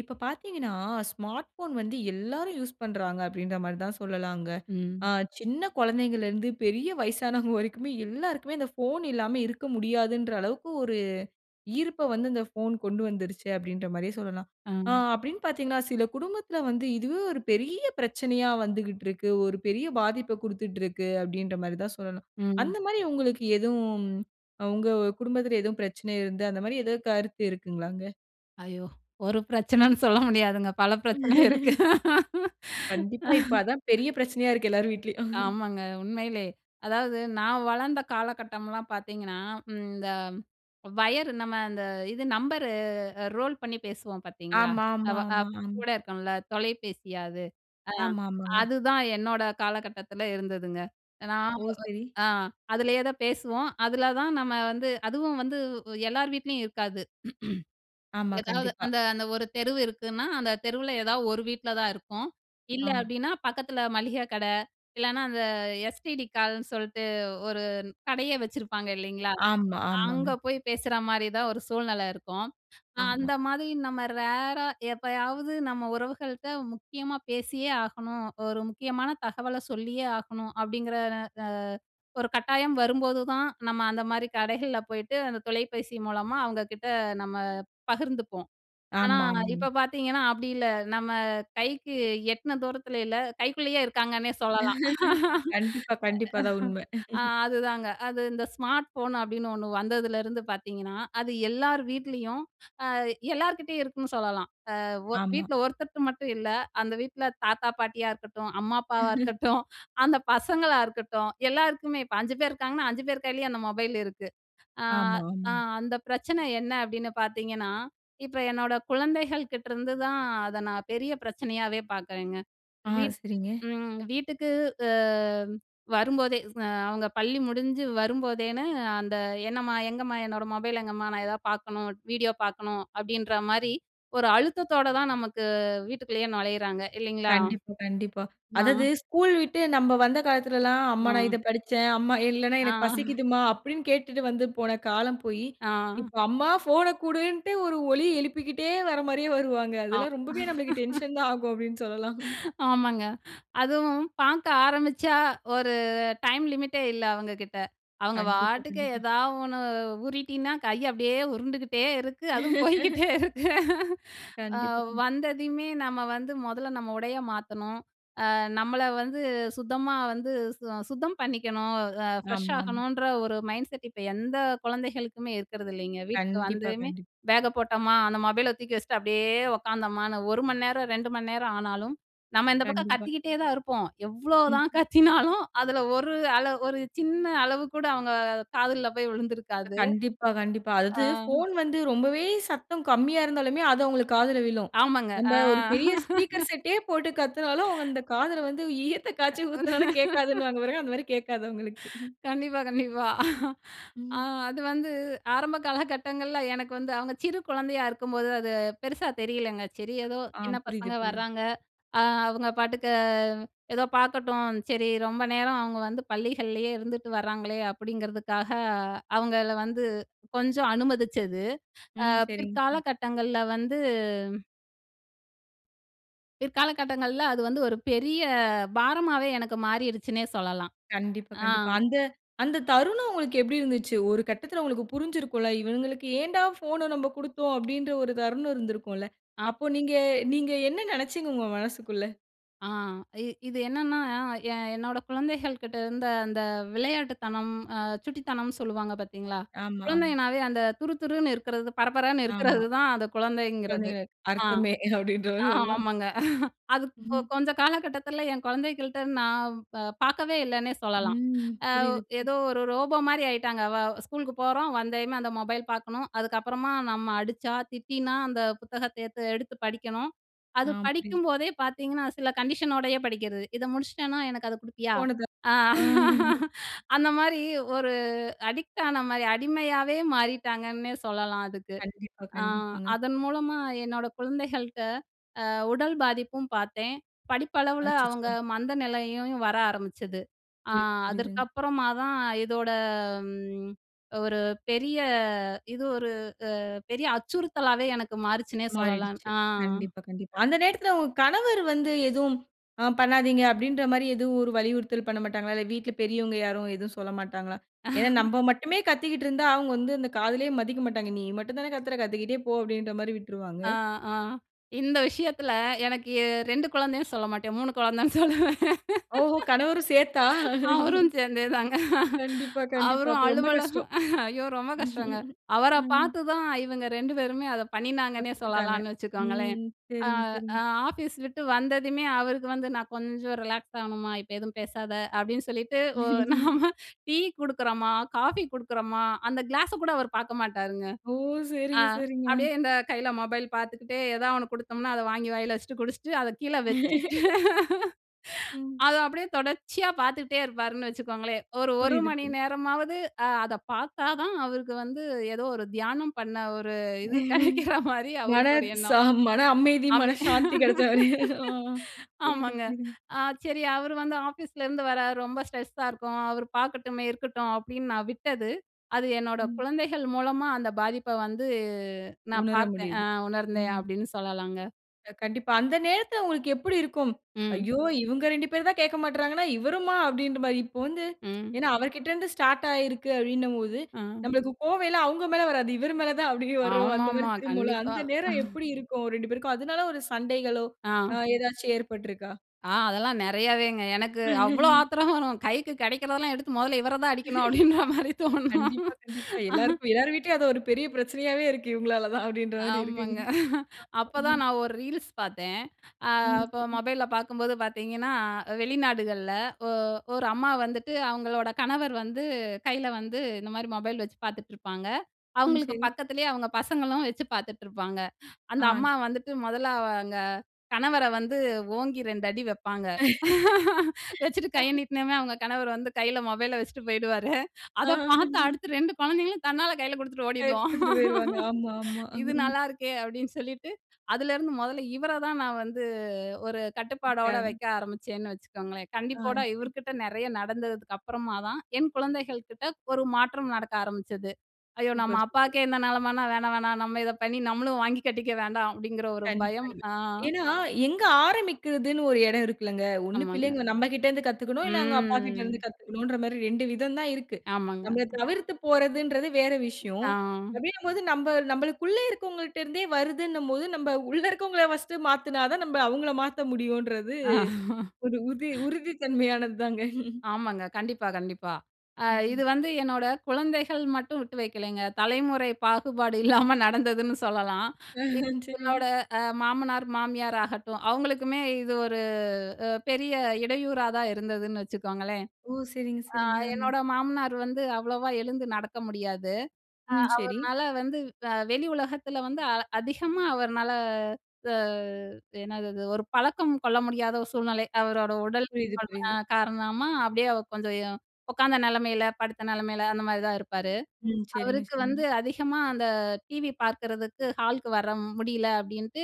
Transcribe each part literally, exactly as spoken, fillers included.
இப்ப பார்த்தீங்கன்னா, smart phone வந்து எல்லாரும் யூஸ் பண்றாங்க அப்பிடின்றமாரி தான் சொல்லலாங்க. ஆ ம். சின்ன கொழந்தைகள்ல இருந்து பெரிய வயசானவங்க வரைக்குமே, எல்லாருக்குமே அந்த போன் இல்லாம இருக்க முடியாதுன்ற அளவுக்கு ஒரு ஈர்ப்ப வந்து இந்த ஃபோன் கொண்டு வந்துருச்சு அப்பிடின்றமாரியே சொல்லலாம். ஆ ஆ. அப்பிடின்னு பார்த்தீங்கன்னா, சில குடும்பத்தில வந்து இதுவே ஒரு பெரிய பிரச்சனையா வந்துக்கிட்டுருக்கு. ஒரு பெரிய பாதிப்ப குடுத்துட்டுருக்கு அப்பிடின்றமாரி தான் சொல்லனும். ம். அந்தமாரி உங்களுக்கு எதுவும் உங்க குடும்பத்தில எதுவும் பிரச்சனை இருந்து அந்த மாரி ஏதாவது கருத்து இருக்குங்களாங்க? ஐயோ! ஒரு பிரச்சனன்னு சொல்ல முடியாதுங்க. பல பிரச்சனை இருக்கு. கண்டிப்பா இப்ப அதான் பெரிய பிரச்சனையா இருக்கு எல்லார் வீட்லயும். ஆமாங்க. உண்மையிலே அதாவது நான் வளர்ந்த காலகட்டம்லாம் பார்த்தீங்கன்னா, ம், இந்த வயர் நம்ம இந்த இது நம்பரு அ ரோல் பண்ணி பேசுவோம் பார்த்தீங்களா? ஆமா, அ ஆமா, வ ஆமா ம். கூட இருக்கும்ல தொலைபேசியா அது. அ ஆமா, ஆமாங்க. அதுதான் என்னோட காலகட்டத்தில இருந்ததுங்க. நான் ஓ சரி. அ அதுலயே தான் பேசுவோம். அதுல தான் நம்ம வந்து அதுவும் வந்து எல்லார் வீட்லயும் இருக்காது. ஆமா எதாவது கண்டிப்பா. அந்த அந்த ஒரு தெருவு இருக்குனா, அந்த தெருவுல ஏதாவது ஒரு வீட்ல தான் இருக்கும். இல்ல ஆமா. அப்பிடினா, பக்கத்தில மளிகை கட இல்லன்னா அந்த எஸ்டிடி கால்னு சொல்ட்டு, ஒரு கடையே வச்சிருப்பாங்க இல்லேங்களா? ஆமா, அங்க ஆமாங்க. போய் பேசுறமாரி தான் ஒரு சூழ்நெல இருக்கும். ஆ ஆமா. அந்தமாரி நம்ம ரேரா எப்பயாவது நம்ம உறவுகள்கிட்ட முக்கியமா பேசியே ஆகணும். ஒரு முக்கியமான தகவல சொல்லியே ஆகணும். அப்பிடிங்கிற ற அ ஒரு கட்டாயம் வரும்போதுதான் நம்ம அந்தமாரி கடைகள்ல போயிட்டு, அந்த தொலைபேசி மூலமா அவுங்ககிட்ட நம்ம பகிர்ந்துப்போம். ஆனா ஆமா, ஆமாங்க. இப்ப பார்த்தீங்கன்னா அப்பிடி இல்ல. நம்ம கைக்கு எட்ன தூரத்தில இல்ல. கைக்குள்ளேயே இருக்காங்கன்னே சொல்லலாம். கண்டிப்பா, கண்டிப்பா அதான் உண்மை. அ அதுதாங்க. அது இந்த ஸ்மார்ட் ஃபோன் அப்பிடின்னு ஒன்னு வந்ததுலேருந்து பார்த்தீங்கன்னா, அது எல்லார் வீட்லயும் அ எல்லார்கிட்டேயும் இருக்குன்னு சொல்லலாம். அ ஒ ஆமா. வீட்ல ஒருத்தர்ட்ட மட்டும் இல்ல, அந்த வீட்ல தாத்தா, பாட்டியா இருக்கட்டும். அம்மா, அப்பாவா இருக்கட்டும், அந்த பசங்களா இருக்கட்டும். எல்லாருக்குமே இப்ப அஞ்சு பேர் இருக்காங்கன்னா அஞ்சு பேர் கையிலயும் அந்த மொபைல் இருக்கு. அ, ஆமா, அ ஆமா. அந்த பிரச்சனை என்ன அப்பிடின்னு பார்த்தீங்கன்னா, இப்ப என்னோட குழந்தைகள் கிட்டருந்து தான் அத நான் பெரிய பிரச்சனையாவே பார்க்குறேங்க. ஆ. வீட் சரிங்க. ம் வீட்டுக்கு அ வரும்போதே, அ அவுங்க பள்ளி முடிஞ்சு வரும்போதேன்னு அந்த "என்னம்மா! எங்கம்மா! என்னோட மொபைல் எங்கம்மா? நான் ஏதாவது பார்க்கணும், வீடியோ பார்க்கணும்" அப்பிடின்றமாரி ஒரு அழுத்தத்தோட தான் நமக்கு வீட்டுக்குள்ளேயே நொழையிறாங்க, இல்லேங்களா? கண்டிப்பா, கண்டிப்பா. ஆ. அதாவது ஸ்கூல் விட்டு நம்ப வந்த காலத்திலல்லாம், "அம்மா நான் ஆ. இத படிச்சேன்" "அம்மா இல்லன்னா, ஆ. எனக்கு பசிக்கிதும்மா அம்மா" அப்பிடின்னு கேட்டுட்டு வந்து போன காலம் போயி, ஆ. இப்ப "அம்மா ஃபோன குடுன்ட்டு" ஒரு ஒலி எழுப்பிக்கிட்டே வர்றமாரியே வருவாங்க. ஆ. அதெல்லாம் ரொம்பவே நமக்கு டென்ஷன் தான் ஆகும் அப்பிடின்னு சொல்லலாம். ஆமாங்க. அதுவும் பார்க்க ஆரம்பிச்சா, ஒரு டைம் லிமிட்டே இல்ல அவுங்ககிட்ட. அவுங்க கண்டிப்பா, பாட்டுக்கு கண்டிப்பா. எதா ஒன்னு ஊறிட்டின்னா கைய அப்பிடியே உருண்டுகிட்டே இருக்கு. அதுவும் போய்க்கிட்டே இருக்கு. ஆ கண்டிப்பா கண்டி வந்ததையுமே நம்ம வந்து மொதல்ல நம்ம உடைய மாத்தணும். அ நம்மள வந்து சுத்தமா வந்து சு-சுத்தம் பண்ணிக்கணும். அ ஆமாம். ஃப்ரெஷ்ஷாகணுன்ற ஒரு மைண்ட் செட் இப்ப எந்த கொழந்தைகளுக்குமே இருக்கிறது இல்லேங்க. வீட்டுக்கு கண்டிப்பா வந்துமே கண்டி "பேக்க போட்டம்மா" அந்த மொபைல தூக்கி வச்சுட்டு அப்பிடியே உக்காந்தாமான்னு ஒரு மணி நேரம், ரெண்டு மணி நேரம் ஆனாலும், நம்ம இந்த பக்கம் கண்டிப்பா. கத்திக்கிட்டே தான் இருப்போம். எவ்ளோதான் ம்ஹம். கத்தினாலும், அதில ஒரு அள ஒரு சின்ன அளவு கூட அவுங்க காதுல்ல போய் விழுந்துருக்காது. கண்டிப்பா கண்டிப்பா. அதாவது ஆ. ஃபோன் வந்து ரொம்பவே சத்தம் கம்மியா இருந்தாலுமே, அது அவுங்களுக்கு காதில விழும். ஆமாங்க. ஆ. நம்ம ஒரு பெரிய ஸ்பீக்கர் செட்டே போட்டு கத்தினாலும், "அவுங்க அந்த காதில வந்து ஈயத்த காய்ச்சி ஊத்துனாலும் கேட்காதுனுவாங்க" பாருங்க. அந்த மாதிரி கேட்காது அவுங்களுக்கு. கண்டிப்பா, கண்டிப்பா. அ ம். அது வந்து ஆரம்ப காலகட்டங்கள்ல எனக்கு வந்து அவுங்க சிறு குழந்தையா இருக்கும்போது, அது பெருசா தெரியலேங்க. "சரி ஏதோ ஆ சின்ன புரியுது, பசங்க புரியுது. வர்றாங்க, அ அவுங்க பாட்டுக்கு ஏதோ பார்க்கட்டும், சரி ரொம்ப நேரம் அவுங்க வந்து பள்ளிகள்லேயே இருந்துட்டு வர்றாங்களே!" அப்பிடிங்கிறதுக்காக அவுங்கள வந்து கொஞ்சம் அனுமதிச்சது, அ ம் சரிங்க. பிற்கால ம்ஹ். கட்டங்கள்ல வந்து பிற்காலகட்டங்கள்ல அது வந்து ஒரு பெரிய பாரமாவே எனக்கு மாறிருச்சுன்னே சொல்லலாம். கண்டிப்பா, ஆ. கண்டிப்பா. அந்த, அந்த தருணம் உங்களுக்கு எப்பிடி இருந்துச்சு? ஒரு கட்டத்துல உங்களுக்கு புரிஞ்சிருக்குல்ல. இவுங்களுக்கு ஏன்டா ஃபோன நம்ப குடுத்தோம் அப்பிடின்ற ஒரு தருணம் இருந்திருக்கும்ல. அ. அப்போ நீங்க, நீங்க என்ன நெனைச்சீங்க உங்க மனசுக்குள்ள? ஆ. இ இது என்னன்னா, எ என் என்னோட குழந்தைகள்கிட்ட இருந்த அந்த விளையாட்டுத்தனம், அ சுட்டித்தனம்ன்னு சொல்லுவாங்க பாத்தீங்களா? ஆமா, ஆமா. குழந்தைங்கனாவே அந்த துருதுருன்னு இருக்குறது, பரபரன்னு ஆமா. இருக்குறது தான் அந்த குழந்தைங்கிறது. குழந்தைகளே ஆ, அர்த்தமே ஆ, அப்பிடின்றமாரி சொல்லாம். ஆமாங்க அது கொ ம். கொஞ்ச காலகட்டத்தில என் குழந்தைகள்ட்ட நான் ப பார்க்கவே இல்லேன்னே சொல்லலாம். ம். அ, புரியுது, புரியுது. ஏதோ ஒரு ரோபோமாரி ஆயிட்டாங்க. வ ஸ்கூலுக்கு போறோம், வந்ததுமே அந்த மொபைல் பார்க்கணும். அதுக்கப்புறமா நம்ம அடிச்சா திட்டினா, அந்த புத்தகத்த எத்து எடுத்து படிக்கணும். ஆ, அது புரியுது. படிக்கும்போதே பார்த்தீங்கன்னா, சில கண்டிஷனோடயே படிக்கிறது. இதை முடிச்சிட்டன்னா, எனக்கு அத கொடுப்பியா? போனது அ அ. அந்தமாரி ஒரு அடிக்ட் ஆனமாரி அடிமையாவே மாறிட்டாங்கன்னே சொல்லலாம் அதுக்கு. கண்டிப்பா, அ கண்டிப்பாங்க. அதன் மூலமா என்னோட குழந்தைகள்ட்ட அ உடல் பாதிப்பும் பார்த்தேன். படிப்பளவுல அவுங்க அச்சச்சோ! மந்தநிலையையும் வர ஆரம்பிச்சது. அ புரியுது, அதற்கு புரியுதுங்க. அப்புறமா தான் இதோட ம் ஒரு பெரிய இது ஒரு அ பெரிய அச்சுறுத்தலாவே எனக்கு மாறிச்சுன்னே சொல்லலாம். மாறிடுச்சு. ஆ, ஆ. கண்டிப்பா, கண்டிப்பா. அந்த நேரத்துல உங்க கணவர் வந்து எதுவும் அ பண்ணாதீங்க அப்பிடீன்றமாரி எதுவும் வலியுறுத்தல் பண்ண மாட்டாங்களா? இல்ல வீட்ல பெரியவங்க யாரும் எதுவும் சொல்லமாட்டாங்களா? ஏன்னா, நம்ப மட்டுமே கத்திக்கிட்டு இருந்தா, அவுங்க வந்து அந்த காதிலே மதிக்க மாட்டாங்க. நீ மட்டும் தானே கத்துற கத்திக்கிட்டே போ! அப்பிடின்றமாரி விட்டுருவாங்க. அ, ஆ, இந்த விஷயத்துல எனக்கு எ ரெண்டு குழந்தைன்னு சொல்லமாட்டேன். மூணு குழந்தைன்னு சொல்லுவேன். ஓஹோ! கணவரும் சேர்த்தா? அவரும் சேர்ந்தேதாங்க. கண்டிப்பா, கண்டிப்பா. அவரும் அப்ப ரொம்ப அலுவலகம் கஷ்டம். ஐயோ! ரொம்ப கஷ்டங்க. அவர ம். பார்த்து தான் இவுங்க ரெண்டு பேருமே அதை பண்ணினாங்கன்னே கத்துக்கிட்டாங்க. சொல்லலான்னு வச்சுக்கோங்களேன்! ம். அ. சரிங்க, ஆ சரிங்க. ஆஃபீஸ் விட்டு வந்ததுமே, அவருக்கு வந்து நான் கொஞ்சம் ரிலாக்ஸ் ஆகணுமா! இப்ப எதுவும் பேசாத, அப்பிடின்னு சொல்லிட்டு ஒ நாம டீ குடுக்குறமா, காஃபி குடுக்குறமா அந்த கிளாஸ கூட அவரு பார்க்க மாட்டாருங்க. ஓ! அ சரிங்க, சரிங்க. அப்பிடியே இந்த கையில மொபைல் பார்த்துக்கிட்டே ஏதாவது ஒண்ணு குடுத்தம்ன்னா, அத வாங்கி வாயில வச்சுட்டு குடிச்சிட்டு அத கீழ வச்சுட்டு. ம். அத அப்பிடியே தொடர்ச்சியா பார்த்துட்டே இருப்பாருன்னு வச்சுக்கோங்களேன்! ஒரு, ஒரு புரியுது, மணி புரி நேரமாவது அ அத பார்த்தாதான் அவருக்கு வந்து ஏதோ ஒரு தியானம் பண்ண ஒரு இது கிடைக்கிற மாரி மன அவருக்கு ஒரு எண்ணம். சா மனஅமைதி, மனசாந்தி கிடைச்சமாரி, ஆ புரியுது, ஆமாங்க, புரியுதுங்க. அ சரி, அவர் வந்து ஆஃபீஸ்லருந்து வரார், ரொம்ப ஸ்ட்ரெஸ்ஸா இருக்கும், அவரு பார்க்கட்டுமே! இருக்கட்டும். அப்பிடின்னு நான் விட்டது, அது என்னோட ம். குழந்தைகள் மூலமா அந்த பாதிப்ப வந்து நான் உணர பார்த்தேன். அ முடியுது. உணர்ந்தேன் ம். அப்பிடின்னு சொல்லலாங்க. கண்டிப்பா. அந்த நேரத்துல உங்களுக்கு எப்பிடி இருக்கும். ம். ஐயோ! இவுங்க ரெண்டு பேருந்தான் கேட்க மாட்றாங்கன்னா, இவருமா? அப்பிடின்றமாரி, இப்போ வந்து, ம். ஏன்னா அவர்க்கிட்டருந்து ஸ்டார்ட் ஆயிருக்கு அப்பிடின்னம்போது, ஆ. நம்மளுக்கு கோவையெல்லாம் அவுங்க மேல வராது. இவரு மேல தான் அப்பிடியே வர்ற அந்தமாரி ஆமாமா, திரும்பும்ல. கண்டிப்பா. அந்த நேரம் எப்பிடி இருக்கும். அவரு ரெண்டு பேருக்கும்! அதுனால ஒரு சண்டைகளோ! ஆ. அ ஏதாச்சும் ஏற்பட்ருக்கா? ஆ, அதெல்லாம் நிறையாவேங்க. எனக்கு அவ்ளோ ஆத்திரம் வரும். கைக்கு கிடைக்கிறதெல்லாம் எடுத்து மொதல்ல இவர தான் அடிக்கணும் அப்பிடின்ற மாரி தோணும். கண்டிப்பா, கண்டிப்பா. எல்லாருக்கும் எல்லார் வீட்டிலயும் அது ஒரு பெரிய பிரச்சனையாவே இருக்கு இவுங்களாலதான், அப்பிடின்ற மாரி இருக்குங்க ஆமாங்க அப்பதான் ம். நான் ஒரு ரீல்ஸ் பாத்தேன். அ ம். அப்ப சரி. மொபைல்ல பாக்கும்போது பாத்தீங்கன்னா, அ வெளிநாடுகள்ல ஒ ஒரு அம்மா வந்துட்டு அவுங்களோட கணவர் வந்து கையில வந்து இந்தமாரி மொபைல் வச்சு பாத்துட்டுருப்பாங்க. ம். அவுங்களுக்கு சரி. பக்கத்திலயே அவுங்க பசங்களும் வச்சு பாத்துட்டுருப்பாங்க. அந்த ஆ. அம்மா வந்துட்டு முதல்ல அவங்க கணவர வந்து ஓங்கி ரெண்டு அடி வைப்பாங்க! வச்சுட்டு கைய நீட்னமே, அவுங்க கணவர் வந்து கையில மொபைல வச்சுட்டு போயிடுவாரு. ஆ அதை பாத்து அடுத்து ரெண்டு குழந்தைங்களும் தன்னால கைல குடுத்துட்டு அ ஓடிடுவோம். குடுத்துட்டு போயிருவாங்க. ஆமா, ஆமா "இது நல்லாருக்கே" அப்பிடின்னு சொல்லிட்டு, அதுலேருந்து மொதல்ல இவர தான் நான் வந்து ஒரு கட்டுப்பாடோட [unintelligible] வைக்க ஆரம்பிச்சேன்னு வச்சுக்கோங்களேன்! ஆ, கண்டிப்போட சரி. இவருகிட்ட நிறைய நடந்ததுக்கு அப்பறமா தான், என் குழந்தைகள்கிட்ட ஒரு மாற்றம் நடக்க ஆரம்பிச்சது. "ஐயோ! நம்ம சூப்பர், சூப்பரு. அப்பாக்கே இந்த நிலமன்னா! வேணாம், வேணாம்! நம்ம இத பண்ணி நம்மளும் வாங்கி கட்டிக்க வேண்டாம்" அப்பிடிங்கிற ஒரு பயம். கண்டிப்பாலுமே. ஆ. ஏன்னா, எங்க ஆரம்பிக்கிறதுன்னு ஒரு எடம் இருக்குல்லங்க. ஒன்னு ஆமாங்க. பிள்ளைங்க நம்மகிட்டேருந்து கத்துக்கணும், இல்ல அவுங்க அப்பாக்கிட்டருந்து ம். கத்துக்கணும்ன்றமாரி ரெண்டு விதம் தான் இருக்கு. ஆமாங்க. நம்பள தவிர்த்து போறதுன்றது வேற விஷயம். ஆ. அப்பிடிங்கம்போது, நம்ப, நம்பளுக்குள்ள இருக்கவங்கள்டருந்தே வருதுன்னம்போது, நம்ப உள்ள இருக்கவங்கள ஃபர்ஸ்ட்டு மாத்துனாதான், நம்ப அவுங்கள மாத்த முடியுன்றது அ ஒரு உதி உறுதித்தன்மையானது தாங்க ஆமாங்க. கண்டிப்பா, கண்டிப்பா. அ ம், இது ம். வந்து என்னோட குழந்தைகள் மட்டும் விட்டு வைக்கலேங்க. தலைமுறை பாகுபாடு இல்லாம நடந்ததுன்னு சொல்லலாம். அ, எ ஆ. சரி. என்னோட அ மாமனார், மாமியார் ஆகட்டும், அவுங்களுக்குமே இது ஒரு அ பெரிய இடையூறா தான் இருந்ததுன்னு வச்சுக்கோங்களேன். ஓ! சரிங்க, அ சரிங்க. அ, என்னோட மாமனார் வந்து அவ்வளவா எழுந்து நடக்க முடியாது. அ ம். சரி. அவர்னால வந்து அ வெளி உலகத்தில வந்து அ அதிகமா அவர்னால அ த என்னது அது, ஒரு பழக்கம் கொள்ள முடியாத ஒரு சூழ்நிலை. அவரோட உடல் புரியுது, அல் அ புரியுது. காரணமா அப்பிடியே கொஞ்சம் எ உக்காந்த நிலைமையில, படுத்த நிலமையில, அந்தமாரிதான் இருப்பாரு. ம். சரிங்க, அவருக்கு சரிங்க. வந்து அதிகமா அந்த டிவி பார்க்கிறதுக்கு ஹாலுக்கு வர முடியல அப்பிடின்ட்டு,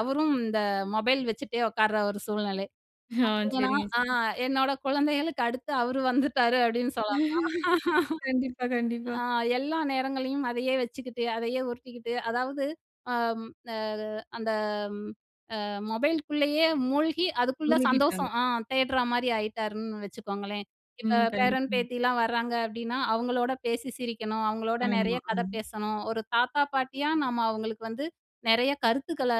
அவரும் இந்த மொபைல் வச்சுட்டே உக்கார்ற ஒரு சூழ்நிலை. ஆ, பாத்தீங்கன்னா, சரிங்க, ஆ, சரிங்க. என்னோட குழந்தைகளுக்கு அடுத்து அவரு வந்துட்டாரு அப்படின்னு சொல்லலாம். கண்டிப்பா, கண்டிப்பா. ஆ, எல்லா நேரங்களையும் அதையே வச்சுக்கிட்டு, அதையே உருட்டிக்கிட்டு அதாவது, அம் அது அந்த அ மொபைலுக்குள்ளேயே மூழ்கி, அதுக்குள்ள மூழ்கிட்டாங்க. சந்தோஷம் ஆ தேடுறமாரி ஆயிட்டாருன்னு வச்சுக்கோங்களேன். இப்ப ம். பேரன், கண்டிப்பா. பேத்திலாம் வராங்க அப்பிடின்னா, அவுங்களோட பேசி சிரிக்கணும். அவுங்களோடு ஆமா. நிறைய ஆ, கதை பேசணும். ஒரு தாத்தா, பாட்டியா நம்ம அவுங்களுக்கு வந்து நிறைய கருத்துக்கள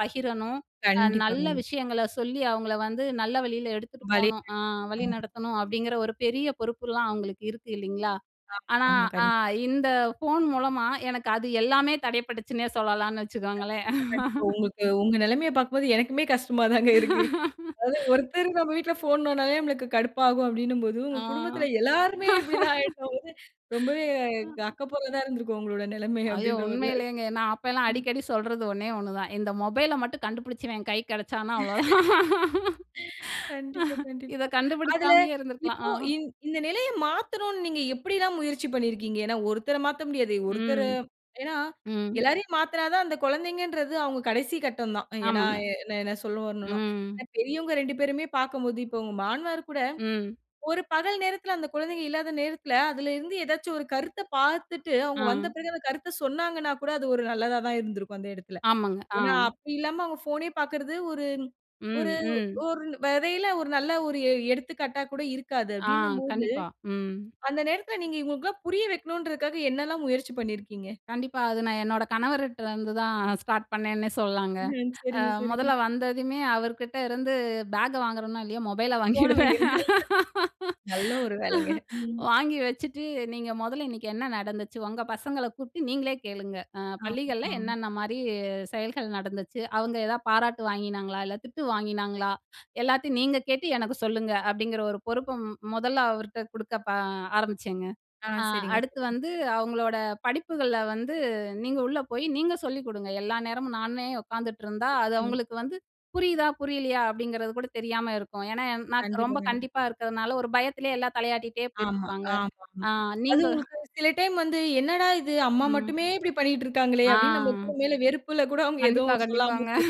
பகிரணும். அ கண்டிப்பா, நல்ல கண்டிப்பா. விஷயங்கள சொல்லி, அவுங்கள வந்து நல்ல வழியில எடுத்துட்டு வழி போணும். அ அ. வழி நடத்தணும், அப்பிடிங்கிற ஒரு பெரிய பொறுப்புலாம் அவுங்களுக்கு இருக்கு இல்லீங்களா? ஆ, ஆனா, ஆமா அ கண் இந்த ஃபோன் மூலமா எனக்கு அது எல்லாமே தடைபட்டுச்சுன்னே சொல்லலான்னு வச்சுக்கோங்களேன் கண்டிப்பா, கண்டிப்பா. உங்களுக்கு உங்க நிலமையப் பார்க்கும்போது எனக்குமே, கஷ்டமா தாங்க இருக்கு. அதாவது ஒருத்தர் நம்ம வீட்ல் போன் நோண்டுனாவே நம்மளுக்கு கடுப்பாகும், அப்பிடின்னும்போது, உங்க ஆ குடும்பத்துல எல்லாருமே இப்பிடி தான் ஆயிட்டபோது, ரொம்பவே அக்கப்போரா தான் இருந்திருக்கும் உங்களோட நிலமைய ஐயோ! அப்பிடின்றமாரி தான், உண்மையிலேங்க! நான் அப்பேலாம் ம். அடிக்கடி சொல்றது ஒன்னே ஒன்னு தான். இந்த மொபைல மட்டும் கண்டுபுடிச்சவன் என் கை கிடைச்சானா! அவ்ளோதான்! கண்டிப்பா, இத கண்டிப்பா. அதுல கண்டுபிடிக்காமயே இருந்துருக்கலாம், இப்போ ஆ. இந் இந்த நிலைய மாத்தணுன்னு நீங்க எப்பிடில்லாம் முயற்சி பண்ணியிருக்கீங்க? ஏன்னா ஒருத்தர மாத்த முடியாது. ஒருத்தர ம், ஏன்னா ம். எல்லாரையும் மாத்துனாதான் அந்த கொழந்தைங்கன்றது அவுங்க கடைசி கட்டம் தான். ஏன்னா ஆமாங்க. எ என்ன சொல்ல வரணுன்னா, ம். அ பெரியவங்க ரெண்டு பேருமே பாக்கும்போது இப்ப உங்க மாமனாருகூட, ம். ஒரு பகல் நேரத்துல அந்த குழந்தைங்க இல்லாத நேரத்துல அதில இருந்து ஏதாச்சும் ஒரு கருத்தப் பாத்துட்டு அவுங்க ஆ. வந்த பிறகு அந்த கருத்த சொன்னாங்கன்னாகூட, அது ஒரு நல்லதா தான் இருந்திருக்கும் அந்த எடத்துல. ஆமாங்க. ஆ. ஏன்னா, அப்பிடி இல்லாம அவுங்க ஃபோனே பாக்கிறது ஒரு ஒரு ம், ம். ஒரு வகையில ஒரு நல்ல ஒரு எ எடுத்துக்காட்டா கூட இருக்காது ஆ, அப்பிடின்னம்போது. கண்டிப்பா. ம். அந்த நேரத்துல நீங்க இவுங்களுக்கெல்லாம் புரிய வைக்கனுன்றதுக்காக என்னல்லாம் முயற்சி பண்ணியிருக்கீங்க! கண்டிப்பா. அது நான் என்னோட கணவருட்ட இருந்து தான், ஸ்டார்ட் பண்ணேன்னே சொல்லலாங்க. ம். அ சரிங்க, சரிங்க. மொதல்ல வந்ததுமே அவர்கிட்ட இருந்து பேக்க வாங்குறனோ! இல்லயோ! மொபைல ஃபோன வைங்க. வாங்கிடுவேன் நல்ல ஒரு வேலைங்க. ம். வாங்கி வச்சுட்டு, "நீங்க மொதல்ல இன்னக்கி என்ன நடந்துச்சு? ஒங்க பசங்கள கூப்ட்டு நீங்களே கேளுங்க! அ ஆம், பள்ளிகள்ல ஆம். என்னென்ன மாரி செயல்கள் நடந்துச்சு, அவுங்க ஏதா பாராட்டு வாங்கினாங்களா? இல்ல திட்டு வாங்கினாங்களா? எல்லாத்தையும் நீங்க கேட்டு எனக்கு சொல்லுங்க." அப்பிடிங்கிற ஒரு பொறுப்ப ம் மொதல்ல அவர்ட்ட குடுக்க பா ஆரம்பிச்சேங்க. ஆ, அ சரிங்க. அடுத்து வந்து அவுங்களோட படிப்புகள்ல வந்து நீங்க உள்ள போயி நீங்க சொல்லிக்குடுங்க. எல்லா நேரமும் நானே உக்காந்துட்டுருந்தா, அ. அது ம். அவுங்களுக்கு வந்து புரியுதா! புரியலயா! அப்பிடிங்கிறது கூட தெரியாம இருக்கும். ஏன்னா, என் நான் கண்டிப்பா, ரொம்ப கண்டிப்பா. கண்டிப்பா இருக்கிறதுனால, ஒரு பயத்துலே எல்லா தலையாட்டிட்டே ஆமா, போயிட்டுருப்பாங்க. ஆமாமா. அ அது நீங்க உங்களுக்கு சில டைம் வந்து என்னடா இது! அம்மா ம். மட்டுமே இப்பிடி பண்ணிக்கிட்டு இருக்காங்களே! அப்பிடின்னு நம்ம ஆ. [unintelligible] வெறுப்புல கூட அவுங்க கண்டிப்பா, எதுவும் சொல்லாம கண்டிப்பாங்க. போய்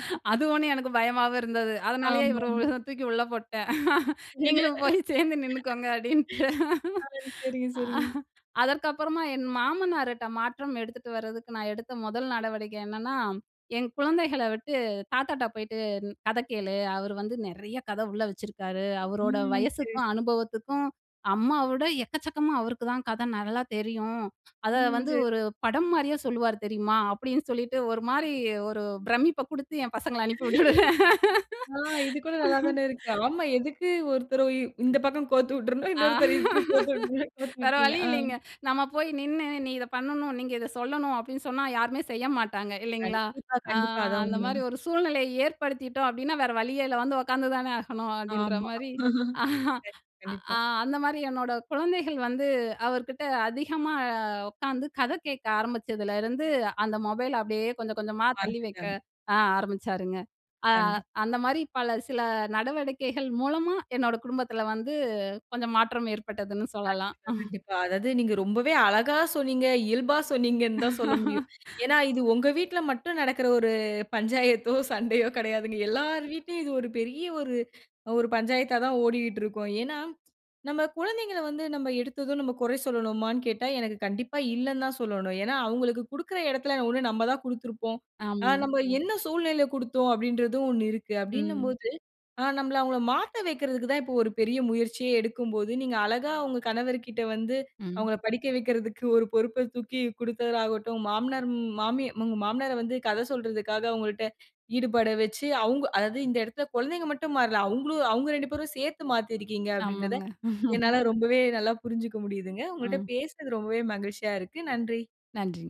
ம், ம். அது ஒன்னும் எனக்கு பயமாவும் இருந்தது. அதனாலயே ஆமா, இவர உ ஆமா. தூக்கி உள்ள போட்டேன் "நீங்களும் போய் சேந்து நின்னுக்கோங்க"அப்பிடின்ட்டு அ. சரிங்க, சரிங்க. அதற்கு அப்பறமா என் மாமனாருட்ட மாற்றம் எடுத்துட்டு வர்றதுக்கு நான் எடுத்த மொதல் நடவடிக்கை என்னன்னா, என் குழந்தைகள விட்டு "தாத்தாட்ட போயிட்டு கத கேளு! அவரு வந்து நிறைய கதை உள்ள வச்சுருக்காரு. ம், அவரோட ம். சரி வயசுக்கும் அனுபவத்துக்கும் அம்மா விட எக்கச்சக்கமா அவருக்கு தான் கதை நல்லா தெரியும். அத ம், வந்து சரி. ஒரு படம் மாரியே சொல்லுவாரு தெரியுமா?" அப்பிடின்னு சொல்லிட்டு ஒருமாரி ஒரு பிரமிப்ப குடுத்து என் பசங்கள அனுப்பி விட்டுருவேன். ஆ இதுகூட நல்லா தானே இருக்கு. ஆமா, எதுக்கு ஒருத்தர இ இந்த பக்கம் கோத்து உட்ரணும், ஆ இன்னொருத்தர [unintelligible] கோத்து விட்டீங்க, கோத்து வேற விட்டீங்க. வழி ஆ, இல்லேங்க. நம்ம போய் நின்னு, நீ இத பண்ணணும், நீங்க இத சொல்லணும் அப்பிடின்னு சொன்னா, யாருமே செய்ய மாட்டாங்க இல்லேங்களா? கண்டிப்பா, அ கண்டிப்பா. அதான் அந்தமாரி உண்மங்க. ஒரு சூழ்நிலைய ஏற்படுத்திட்டோம் அப்பிடின்னா, வேற வழியே இல்ல, வந்து உக்காந்து தானே ஆகணும், அப்பிடின்ற ஆமா மாரி, அ கண்டிப்பா. அ அந்தமாரி, என்னோட குழந்தைகள் வந்து அவர்கிட்ட அதிகமா உக்கார்ந்து கதை கேக்க ஆரம்பிச்சதுலருந்து, அந்த மொபைல் அப்பிடியே கொஞ்சம் கொஞ்சமா தள்ளி வைக்க மறந்துட்டாங்க. ஆ ஆரம்பிச்சாருங்க. அ கண்டிப் அந்தமாரி பல சில நடவடிக்கைகள் மூலமா, என்னோட குடும்பத்துல வந்து கொஞ்சம் மாற்றம் ஏற்பட்டதுன்னு சொல்லலாம். கண்டிப்பா, கண்டிப்பா. அதாவது, நீங்க ரொம்பவே அழகா சொன்னீங்க, இயல்பா சொன்னீங்கன்னு தான் சொல்ல முடியும். ஏன்னா, இது உங்க வீட்ல மட்டும் நடக்கிற ஒரு பஞ்சாயத்தோ! சண்டையோ! கிடையாதுங்க. எல்லார் வீட்லயும் இது ஒரு பெரிய ஒரு, ஒரு பஞ்சாயத்தா தான் ஓடிகிட்ருக்கும். ஏன்னா, நம்ம குழந்தைங்கள வந்து நம்ம எடுத்ததும் நம்ம குறை சொல்லனுமான்னு கேட்டா, எனக்கு கண்டிப்பா இல்லன்தான் சொல்லணும. ஏன்னா, அவுங்களுக்கு குடுக்குற எடத்தில ஒண்ணு நம்ப தான் குடுத்திருப்போம். அ ஆமாங்க. நம்ப என்ன சூழ்நிலையில குடுத்தோம் அப்பிடின்றதும் ஒண்ணு இருக்கு. அப்பிடின்னம் ம். போது, ஆ, நம்பள அவுங்கள மாத்த வெக்குறதுக்கு தான் இப்ப ஒரு பெரிய முயற்சியே எடுக்கும்போது, நீங்க அழகா உங்க கணவர்கிட்ட வந்து ம். அவுங்கள படிக்க வைக்குறதுக்கு ஒரு பொறுப்ப தூக்கி குடுக்கிறதாகட்டும், மாமனார், ம் மாமி உங்க மாமனார வந்து கதை சொல்றதுக்காக அவுங்கள்ட்ட ஈடுபட வச்சி அவுங்க அதாவது இந்த இடத்துல் குழந்தைங்க மட்டும் மாறல. அவுங்களும் அவுங்க ரெண்டு பேரும் சேத்து மாத்தி இருக்கீங்க ஆமாங்க. அப்பிடின்றத, என்னால ரொம்பவே நல்லா புரிஞ்சுக்க முடியுதுங்க. உங்கள்ட்ட ஆ. பேசுனது ரொம்பவே மகிழ்ச்சியா இருக்கு. நன்றி. நன்றி.